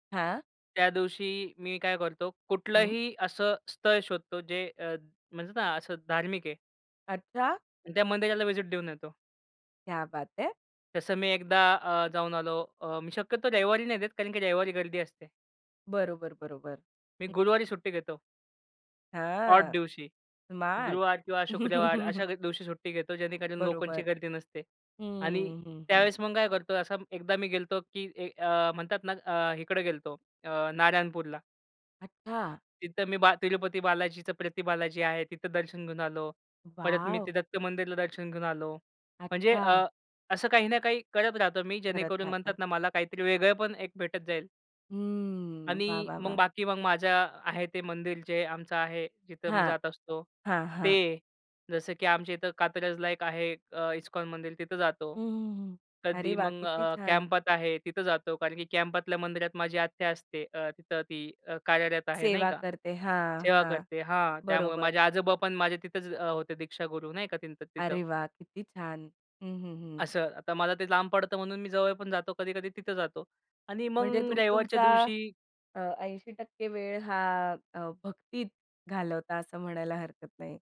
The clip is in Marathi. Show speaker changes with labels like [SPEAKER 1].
[SPEAKER 1] हां.
[SPEAKER 2] त्या दिवशी मी काय करतो
[SPEAKER 1] हं.
[SPEAKER 2] कुठलंही असं स्थळ शोधतो जे अ, म्हणतात ना, असं धार्मिक आहे.
[SPEAKER 1] अच्छा.
[SPEAKER 2] त्या मंदिराला व्हिजिट देऊन येतो.
[SPEAKER 1] क्या बात है!
[SPEAKER 2] जसं मी एकदा अ, जाऊन आलो. अ, मी शक्यतो रविवारी नाही देत कारण की रविवारी गर्दी असते.
[SPEAKER 1] बरोबर, बरोबर.
[SPEAKER 2] मी
[SPEAKER 1] हं.
[SPEAKER 2] गुरुवारी सुट्टी घेतो. ऑड
[SPEAKER 1] हां.
[SPEAKER 2] दिवशी.
[SPEAKER 1] स्मार्ट.
[SPEAKER 2] गुरुवार किंवा शुक्रवार अशा द दिवशी सुट्टी घेतो जेणेकरून लोकांची
[SPEAKER 1] बरोबर.
[SPEAKER 2] गर्दी नसते आणि
[SPEAKER 1] हं, हं, हं.
[SPEAKER 2] त्यावेळेस मग काय करतो असा एकदा मी गेलो होतो, की अ, म्हणतात ना अ, इकडे गेलो होतो अ, नारायणपूरला.
[SPEAKER 1] अच्छा.
[SPEAKER 2] तिथं मी बा तिरुपती बालाजीचं प्रती बालाजी आहे तिथं दर्शन घेऊन आलो. परत मी ते
[SPEAKER 1] वॉव!
[SPEAKER 2] दत्त मंदिरला दर्शन घेऊन आलो. म्हणजे अ,
[SPEAKER 1] अच्छा.
[SPEAKER 2] असं काही ना काही करत राहतो मी
[SPEAKER 1] करत
[SPEAKER 2] जेणेकरून
[SPEAKER 1] राहता.
[SPEAKER 2] म्हणतात ना, मला काहीतरी वेगळं पण एक भेटत जाईल.
[SPEAKER 1] हं. वाह!
[SPEAKER 2] आणि
[SPEAKER 1] वाह!
[SPEAKER 2] मग
[SPEAKER 1] वाह!
[SPEAKER 2] बाकी मग माझं आहे ते मंदिर जे आमचं आहे जिथं मी
[SPEAKER 1] हां,
[SPEAKER 2] जात असतो.
[SPEAKER 1] हां, हां.
[SPEAKER 2] ते जसं की आमच्या इथं कात्रजला एक आहे अ, इस्कॉन मंदिर तिथं जातो.
[SPEAKER 1] हं, हं, हं. अरे,
[SPEAKER 2] कधी
[SPEAKER 1] वाह!
[SPEAKER 2] मग
[SPEAKER 1] किती
[SPEAKER 2] अ,
[SPEAKER 1] छान.
[SPEAKER 2] कॅम्पात आहे तिथं जातो कारण की कॅम्पातल्या मंदिरात माझी आत्या असते अ, तिथं ती अ, कार्यरत आहे नाही
[SPEAKER 1] सेवा
[SPEAKER 2] का
[SPEAKER 1] करते हां,
[SPEAKER 2] सेवा
[SPEAKER 1] हां.
[SPEAKER 2] करते हां त्यामुळे
[SPEAKER 1] बरोबर.
[SPEAKER 2] माझे आजोबा पण माझे तिथेच अ, होते दीक्षागुरू नाही का त्यांचं तिथं.
[SPEAKER 1] अरे वाह! किती छान. हं, हं, हं.
[SPEAKER 2] असं आता मला ते लांब पडतं म्हणून मी जवळ पण जातो कधी-कधी तिथं जातो आणि
[SPEAKER 1] म्हणजे
[SPEAKER 2] मग
[SPEAKER 1] तुम्ही
[SPEAKER 2] रविवारच्या
[SPEAKER 1] तुमचा
[SPEAKER 2] दिवशी
[SPEAKER 1] अ, 80% वेळ हा अ, भक्तीत घालवता असं म्हणायला हरकत नाही.